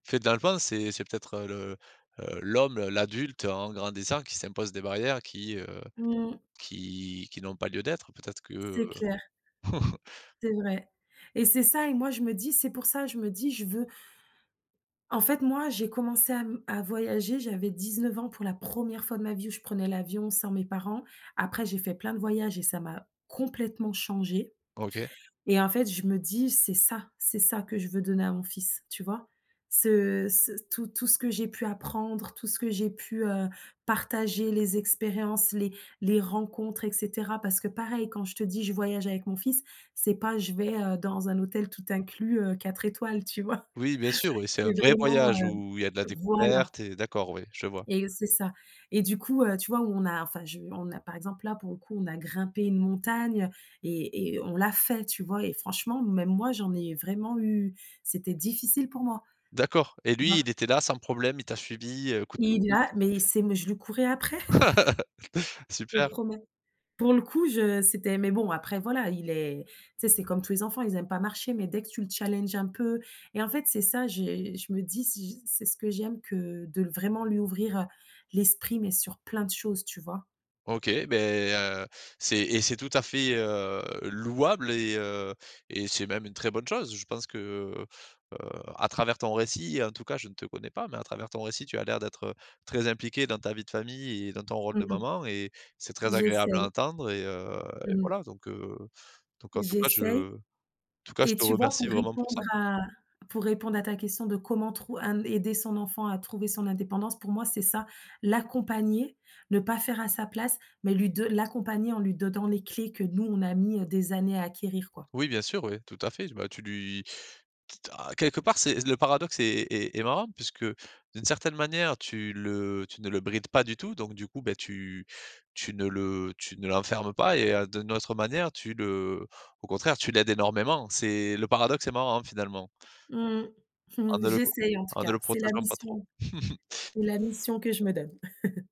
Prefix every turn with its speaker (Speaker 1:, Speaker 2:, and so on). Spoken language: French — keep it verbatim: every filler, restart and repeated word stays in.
Speaker 1: En fait dans le fond, c'est c'est peut-être, heu, le, heu, l'homme, l'adulte en grandissant qui s'impose des barrières qui, heu,
Speaker 2: Mmh.
Speaker 1: qui qui n'ont pas lieu d'être. Peut-être que, heu
Speaker 2: C'est clair. C'est vrai. Et c'est ça et moi je me dis c'est pour ça, je me dis je veux En fait, moi j'ai commencé à m à voyager, j'avais dix-neuf ans pour la première fois de ma vie où je prenais l'avion sans mes parents. Après j'ai fait plein de voyages et ça m'a complètement changée
Speaker 1: OK.
Speaker 2: et en fait je me dis: «C'est ça, c'est ça que je veux donner à mon fils», tu vois? Ce ce tout tout ce que j'ai pu apprendre, tout ce que j'ai pu, heu, partager, les expériences, les les rencontres et cetera. Parce que pareil, quand je te dis: «Je voyage avec mon fils», c'est pas «je vais, heu, dans un hôtel tout inclus, heu, quatre étoiles», tu vois?
Speaker 1: Oui bien sûr oui, c'est
Speaker 2: C'est
Speaker 1: un vrai
Speaker 2: vraiment, heu
Speaker 1: voyage où il y a de la
Speaker 2: voilà
Speaker 1: découverte et d'accord oui je vois.
Speaker 2: Et c'est ça. Et du coup, heu, tu vois on a enfin je on a par exemple là pour le coup on a grimpé une montagne et et on l'a fait, tu vois? Et franchement même moi j'en ai vraiment eu c'était difficile pour moi,
Speaker 1: D'accord et
Speaker 2: tu
Speaker 1: lui,
Speaker 2: vois?
Speaker 1: il était là sans problème, il t'a suivie, heu, coûte que
Speaker 2: Il
Speaker 1: coûte.
Speaker 2: a mais il sait mais, je lui courais après! Je te
Speaker 1: Super.
Speaker 2: promets. Pour le coup je c'était mais bon, après voilà, il est tu sais, c'est comme tous les enfants, ils aiment pas marcher mais dès que tu le challenges un peu et en fait c'est ça j'ai, je me dis si c'est ce que j'aime que de le vraiment lui ouvrir, heu, l'esprit mais sur plein de choses, tu vois?
Speaker 1: OK, beh, heu, c'est et c'est tout à fait, heu, louable et heu, et c'est même une très bonne chose. Je pense que, heu, heu, à travers ton récit, en tout cas je ne te connais pas, mais à travers ton récit tu as l'air d'être, heu, très impliquée dans ta vie de famille et dans ton rôle
Speaker 2: Mmh
Speaker 1: de
Speaker 2: mh.
Speaker 1: maman et c'est très agréable à
Speaker 2: J'essaye.
Speaker 1: entendre et heu, et
Speaker 2: Mmh mh.
Speaker 1: voilà. Donc heu, donc en tout cas
Speaker 2: J'essaye.
Speaker 1: je en tout cas je
Speaker 2: Et
Speaker 1: te
Speaker 2: tu vois
Speaker 1: remercie
Speaker 2: pour
Speaker 1: vraiment pour
Speaker 2: répondre
Speaker 1: ça.
Speaker 2: à pour répondre à ta question de comment trou hem, aider son enfant à trouver son indépendance, pour moi c'est ça: l'accompagner, ne pas faire à sa place mais lui do l'accompagner en lui donnant les clés que nous on a mis, heu, des années à acquérir, quoi.
Speaker 1: Oui, bien sûr, oui, tout à fait. Bah, tu lui quitte à quelque part c'est le paradoxe est est est marrant puisque d'une certaine manière tu le tu ne le brides pas du tout, donc du coup, beh tu tu ne le tu ne l'enfermes pas et heu, d'une autre manière tu le au contraire tu l'aides énormément. C'est le paradoxe est marrant, finalement.
Speaker 2: Mmh mh.
Speaker 1: En ne le pro
Speaker 2: J'essaye en tout
Speaker 1: en ne
Speaker 2: cas,
Speaker 1: le
Speaker 2: c'est la
Speaker 1: protégeant pas trop.
Speaker 2: mission c'est la mission que je me donne.